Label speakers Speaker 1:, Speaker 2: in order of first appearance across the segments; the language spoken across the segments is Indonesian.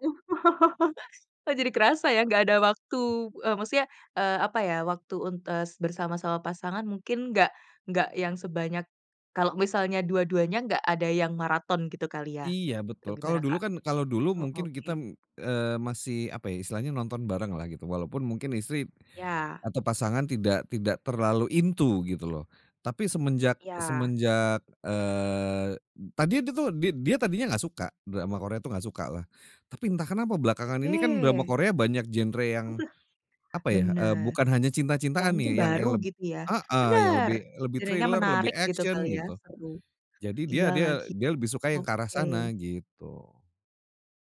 Speaker 1: Oh, jadi kerasa ya nggak ada waktu,
Speaker 2: Mhm.
Speaker 1: eee, maksudnya, eee, apa ya, waktu untuk, eee, bersama-sama pasangan mungkin nggak nggak yang sebanyak, kalo misalnya dua-duanya nggak ada yang marathon gitu kali ya?
Speaker 2: Iya
Speaker 1: Eee,
Speaker 2: betul kalau
Speaker 1: gimana,
Speaker 2: dulu
Speaker 1: Kak?
Speaker 2: kan kalau dulu
Speaker 1: Oh,
Speaker 2: mungkin kita,
Speaker 1: oke.
Speaker 2: eee, masih apa ya istilahnya nonton bareng lah gitu walaupun mungkin istri,
Speaker 1: Iya.
Speaker 2: atau pasangan tidak tidak terlalu into gitu loh. Tapi semenjak
Speaker 1: Iya.
Speaker 2: semenjak, eee, tadinya itu tuh did dia tadinya enggak suka drama Korea itu enggak sukalah, tapi entah kenapa belakangan ini kan drama
Speaker 1: Oke.
Speaker 2: Korea banyak genre yang, apa ya, eee,
Speaker 1: Bener.
Speaker 2: bukan hanya
Speaker 1: Yang
Speaker 2: cinta-cintaan
Speaker 1: mungkin
Speaker 2: nih, yang
Speaker 1: baru
Speaker 2: yang leb
Speaker 1: gitu ya?
Speaker 2: heeh, yang
Speaker 1: Bener,
Speaker 2: lebih lebih
Speaker 1: jadinya
Speaker 2: thriller, lebih
Speaker 1: menarik gitu kali
Speaker 2: action
Speaker 1: ya,
Speaker 2: gitu,
Speaker 1: seru.
Speaker 2: jadi dia
Speaker 1: Iya
Speaker 2: dia
Speaker 1: lagi,
Speaker 2: dia lebih suka yang ke arah
Speaker 1: oke.
Speaker 2: sana gitu.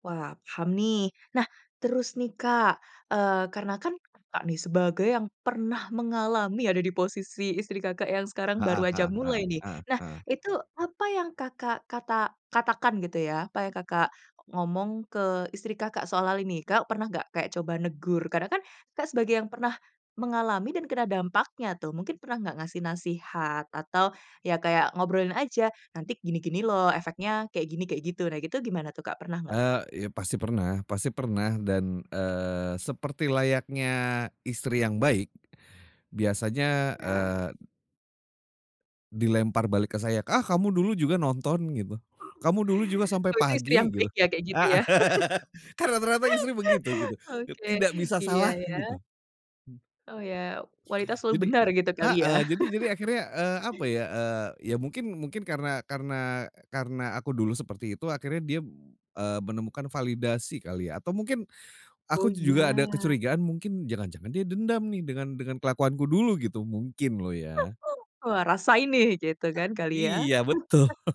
Speaker 1: Wah paham nih nah, terus nih Kak, eee, karena kan Kakak nih sebagai yang pernah mengalami ada di posisi istri Kakak yang sekarang
Speaker 2: Heeh
Speaker 1: baru aja
Speaker 2: heeh heeh
Speaker 1: mulai nih
Speaker 2: heeh
Speaker 1: nah
Speaker 2: heeh.
Speaker 1: itu apa yang Kakak kata katakan gitu ya, apa yang Kakak o ngomong ke istri Kakak soal hal ini Kakak pernah nggak kayak coba negur? Karena kan Kakak sebagai yang pernah, mengalami dan kena dampaknya tuh mungkin pernah nggak, ngasih nasihat atau, ya kayak ngobrolin aja, nanti gini gini loh, efeknya kayak gini, kayak gitu nah gitu gimana tuh Kak, pernah nggak?
Speaker 2: Eee, iya pasti pernah pasti pernah dan, eee, seperti layaknya, istri yang baik biasanya,
Speaker 1: Iya.
Speaker 2: eee dilempar balik ke saya, "Ah, kamu dulu juga nonton" gitu, "kamu dulu juga sampai
Speaker 1: Oh, itu istri
Speaker 2: pagi"
Speaker 1: yang
Speaker 2: gitu.
Speaker 1: baik ya kayak gitu
Speaker 2: Heeh,
Speaker 1: ya?
Speaker 2: kan rata-rata istri begitu gitu, ket
Speaker 1: Oke.
Speaker 2: tidak bisa
Speaker 1: Iya
Speaker 2: salah gitu.
Speaker 1: iya.
Speaker 2: Hmm,
Speaker 1: Oh ya wanita
Speaker 2: e
Speaker 1: selalu
Speaker 2: jadi
Speaker 1: benar gitu kali ya?
Speaker 2: heeh, jadi jadi akhirnya, eee, apa ya, eee, ya mungkin mungkin karena karena, eee, karena aku dulu seperti itu, akhirnya dia b eee, menemukan validasi kali ya atau mungkin,
Speaker 1: Oh
Speaker 2: aku tuh juga ada
Speaker 1: iya.
Speaker 2: kecurigaan mungkin jangan-jangan dia dendam nih dengan dengan kelakuanku dulu gitu mungkin loh ya.
Speaker 1: Wah rasain nih gitu kan kali ya?
Speaker 2: Iya, betul.